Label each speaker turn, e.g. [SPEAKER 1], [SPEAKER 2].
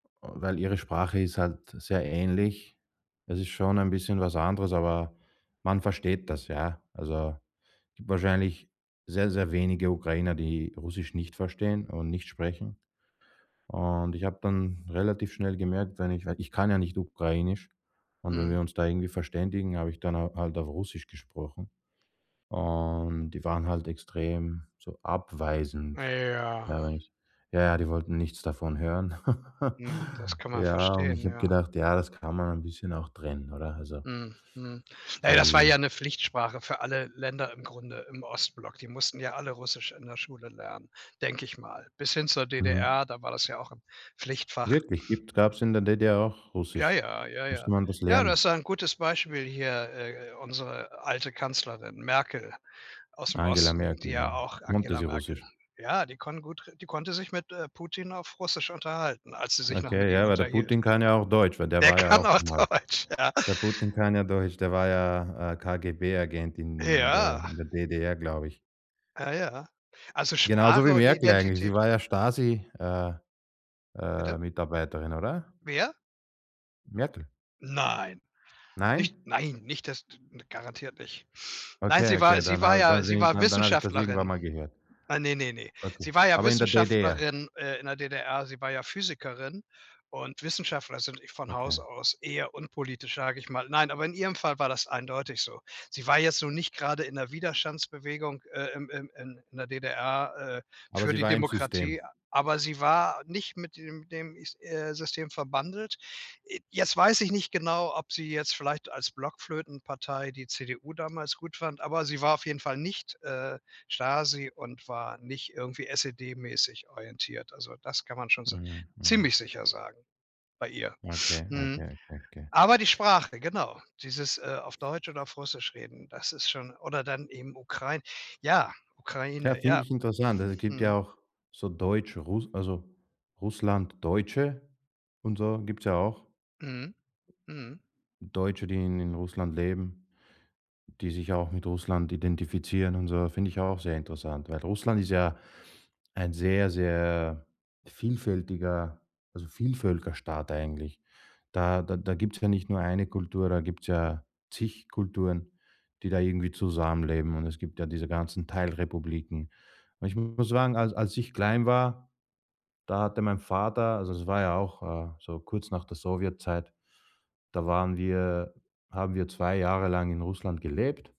[SPEAKER 1] Weil ihre Sprache ist halt sehr ähnlich. Es ist schon ein bisschen was anderes, aber man versteht das, ja. Also, gibt wahrscheinlich sehr sehr wenige Ukrainer, die Russisch nicht verstehen und nicht sprechen und ich habe dann relativ schnell gemerkt, wenn ich wenn ich kann ja nicht Ukrainisch und wenn
[SPEAKER 2] Mhm.
[SPEAKER 1] wir uns da irgendwie verständigen, habe ich dann, äh, halt auf Russisch gesprochen und die waren halt extrem so
[SPEAKER 2] Ah,
[SPEAKER 1] abweisend.
[SPEAKER 2] ja.
[SPEAKER 1] Ja, wenn ich ja, ja, die wollten nichts davon hören.
[SPEAKER 2] Hm, das kann man
[SPEAKER 1] Ja, und
[SPEAKER 2] verstehen,
[SPEAKER 1] ich habe
[SPEAKER 2] ja.
[SPEAKER 1] gedacht ja, das kann man ein bisschen auch trennen, oder? Also,
[SPEAKER 2] Mm, mhm. Na ja, das war ja
[SPEAKER 1] die
[SPEAKER 2] 'ne Pflichtsprache für alle Länder im Grunde im Ostblock. Die mussten ja alle Russisch in der Schule lernen, denke ich mal. Bis hin zur
[SPEAKER 1] Mhm.
[SPEAKER 2] DDR, da war das ja auch 'n Pflichtfach.
[SPEAKER 1] Wirklich, gibt's gab's in der DDR auch
[SPEAKER 2] Ja,
[SPEAKER 1] Russisch.
[SPEAKER 2] ja, ja,
[SPEAKER 1] Musste
[SPEAKER 2] ja.
[SPEAKER 1] man das
[SPEAKER 2] Ja, das ist
[SPEAKER 1] lernen?
[SPEAKER 2] ja ein gutes Beispiel hier, äh, unsere alte Kanzlerin Merkel aus'm
[SPEAKER 1] Angela
[SPEAKER 2] Osten, die
[SPEAKER 1] Merkel,
[SPEAKER 2] ja
[SPEAKER 1] ja,
[SPEAKER 2] auch
[SPEAKER 1] konnte
[SPEAKER 2] Angela
[SPEAKER 1] sie
[SPEAKER 2] Merkel.
[SPEAKER 1] Russisch?
[SPEAKER 2] Ja, die kon gut die konnte sich mit, äh, Putin auf Russisch unterhalten, als sie sich noch mit
[SPEAKER 1] Okay,
[SPEAKER 2] ihm
[SPEAKER 1] ja, weil der
[SPEAKER 2] unterhielt.
[SPEAKER 1] Putin kann ja auch Deutsch, weil der
[SPEAKER 2] Der
[SPEAKER 1] war ja
[SPEAKER 2] kann
[SPEAKER 1] auch
[SPEAKER 2] auch
[SPEAKER 1] mal
[SPEAKER 2] Deutsch, ja.
[SPEAKER 1] der Putin kann ja Deutsch, der war ja, äh, KGB-Agent in in der
[SPEAKER 2] Ja.
[SPEAKER 1] in der DDR, glaube ich.
[SPEAKER 2] Ah, ja. Also,
[SPEAKER 1] Genauso
[SPEAKER 2] Sprache
[SPEAKER 1] wie
[SPEAKER 2] und
[SPEAKER 1] Merkel eigentlich. Sie
[SPEAKER 2] Identität.
[SPEAKER 1] war ja Stasi, äh
[SPEAKER 2] Bitte?
[SPEAKER 1] äh, Mitarbeiterin, oder?
[SPEAKER 2] Wer?
[SPEAKER 1] Merkel.
[SPEAKER 2] Nein.
[SPEAKER 1] Nein?
[SPEAKER 2] Nicht nein, nicht das d garantiert nicht. Nein,
[SPEAKER 1] Okay,
[SPEAKER 2] sie war
[SPEAKER 1] okay,
[SPEAKER 2] sie
[SPEAKER 1] dann
[SPEAKER 2] war
[SPEAKER 1] habe
[SPEAKER 2] ja
[SPEAKER 1] dann
[SPEAKER 2] sie
[SPEAKER 1] bin ich
[SPEAKER 2] war
[SPEAKER 1] dann dann habe ich das irgendwann
[SPEAKER 2] Wissenschaftlerin.
[SPEAKER 1] mal gehört.
[SPEAKER 2] Ah, ne, ne, ne,
[SPEAKER 1] Okay,
[SPEAKER 2] sie war ja
[SPEAKER 1] aber in der DDR.
[SPEAKER 2] Wissenschaftlerin, äh, in der DDR. Sie war ja Physikerin und Wissenschaftler sind von Haus
[SPEAKER 1] Okay.
[SPEAKER 2] aus [unintelligible] eher unpolitisch, sage ich mal. Nein, aber in ihrem Fall war das eindeutig so. Sie war jetzt nun nicht grade in der Widerstandsbewegung, äh, im im in in der DDR, äh,
[SPEAKER 1] Aber
[SPEAKER 2] für
[SPEAKER 1] sie
[SPEAKER 2] die
[SPEAKER 1] war im
[SPEAKER 2] Demokratie,
[SPEAKER 1] System.
[SPEAKER 2] aber sie war nicht mit dem dem is äh, System verbandelt. Äh, jetzt weiß ich nicht genau, ob sie jetzt vielleicht als Blockflöten-Partei die CDU damals gut fand, aber sie war auf jeden Fall nicht, äh, Stasi und war nicht irgendwie SED-mäßig orientiert. Also, das kann man schon so
[SPEAKER 1] Mhm, mhm.
[SPEAKER 2] ziemlich sicher sagen bei ihr.
[SPEAKER 1] Okay, okay,
[SPEAKER 2] Mhm.
[SPEAKER 1] okay, okay.
[SPEAKER 2] Aber die Sprache, genau, dieses, äh, auf Deutsch oder auf Russisch reden, das ist schon oder dann eben Ukrain ja,
[SPEAKER 1] Ja,
[SPEAKER 2] Ukraine,
[SPEAKER 1] finde
[SPEAKER 2] ja.
[SPEAKER 1] ich interessant. Es gibt
[SPEAKER 2] Mhm.
[SPEAKER 1] ja auch so Deutsch Rus also, Russlanddeutsche und so, gibt's ja auch.
[SPEAKER 2] Mhm, mhm.
[SPEAKER 1] Deutsche, die in Russland leben, die sich auch mit Russland identifizieren und so, finde ich auch sehr interessant, weil Russland ist ja ein sehr, sehr vielfältiger also, Vielvölkerstaat eigentlich. Da da da gibt's ja nicht nur eine Kultur, da gibt's ja zig Kulturen, die da irgendwie zusammenleben und es gibt ja diese ganzen Teilrepubliken. Und ich muss sagen, als als ich klein war, da hatte mein Vater also, es war ja auch, äh, so kurz nach der Sowjetzeit, da waren wir haben wir 2 Jahre lang in Russland gelebt.